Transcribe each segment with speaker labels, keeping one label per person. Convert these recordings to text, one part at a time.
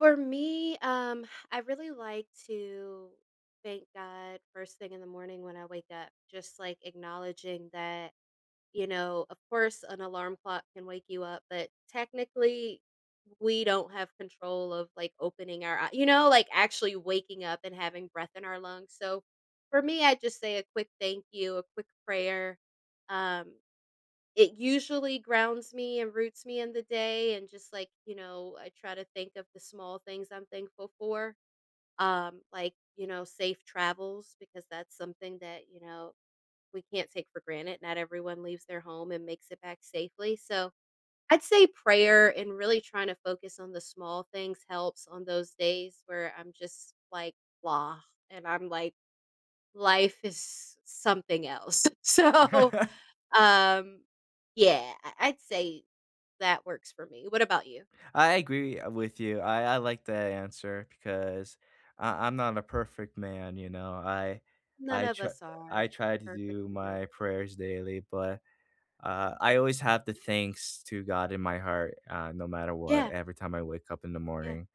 Speaker 1: For me, um, I really like to thank God first thing in the morning when I wake up, just like, acknowledging that, you know, of course, an alarm clock can wake you up, but technically, we don't have control of, like, opening our eye you know, like, actually waking up and having breath in our lungs, so, for me, I just say a quick thank you, a quick prayer. Um, it usually grounds me and roots me in the day and just like, you know, I try to think of the small things I'm thankful for. Um, like, you know, safe travels, because that's something that, you know, we can't take for granted, not everyone leaves their home and makes it back safely, so, I'd say prayer and really trying to focus on the small things helps on those days where I'm just like, "Blah." And I'm like, "Life is something else." So, um, yeah, I I'd say that works for me, what about you?
Speaker 2: I agree, uh, with you. I I like that answer because I I'm not a perfect man, you know. I
Speaker 1: None
Speaker 2: I
Speaker 1: of
Speaker 2: tr
Speaker 1: us are
Speaker 2: I try to
Speaker 1: perfect
Speaker 2: do
Speaker 1: with no.
Speaker 2: my
Speaker 1: [unintelligible]
Speaker 2: prayers daily, but, uh, I
Speaker 1: Yeah.
Speaker 2: always have the thanks to God in my heart, uh, no matter what,
Speaker 1: Yeah.
Speaker 2: every time I wake up in the
Speaker 1: Yeah.
Speaker 2: morning.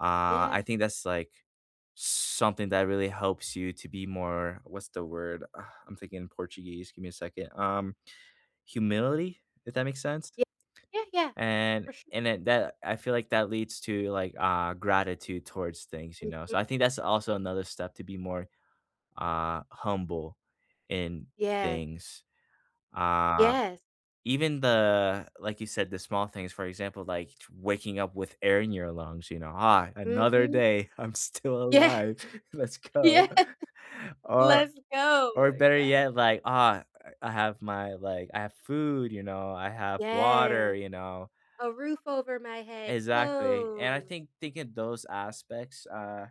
Speaker 2: Uh, I
Speaker 1: Yeah.
Speaker 2: think that's, like, something that really helps you to be more what's the word? Uh, I'm thinking in Portuguese, give me a second. Um, humility, if that makes sense?
Speaker 1: Ye Yeah, yeah.
Speaker 2: And
Speaker 1: For sure.
Speaker 2: and at that I feel like that leads to, like, uh, gratitude towards things, you know.
Speaker 1: Mhm.
Speaker 2: So, I think that's also another step to be more, uh, humble in
Speaker 1: Yeah.
Speaker 2: things. Uh,
Speaker 1: Yes.
Speaker 2: even the like you said, the small things, for example, like, waking up with air in your lungs, you know? "Ah, another
Speaker 1: Mhm.
Speaker 2: day, I'm still
Speaker 1: Yeah.
Speaker 2: alive, let's
Speaker 1: Yeah.
Speaker 2: go." Or
Speaker 1: Let's go,
Speaker 2: or, better yet,
Speaker 1: exactly.
Speaker 2: like, uh, I have my like, I have food, you know, I have water,
Speaker 1: Yes,
Speaker 2: you know.
Speaker 1: a roof over my head,
Speaker 2: Exactly, and I
Speaker 1: clothes.
Speaker 2: think taking those aspects, uh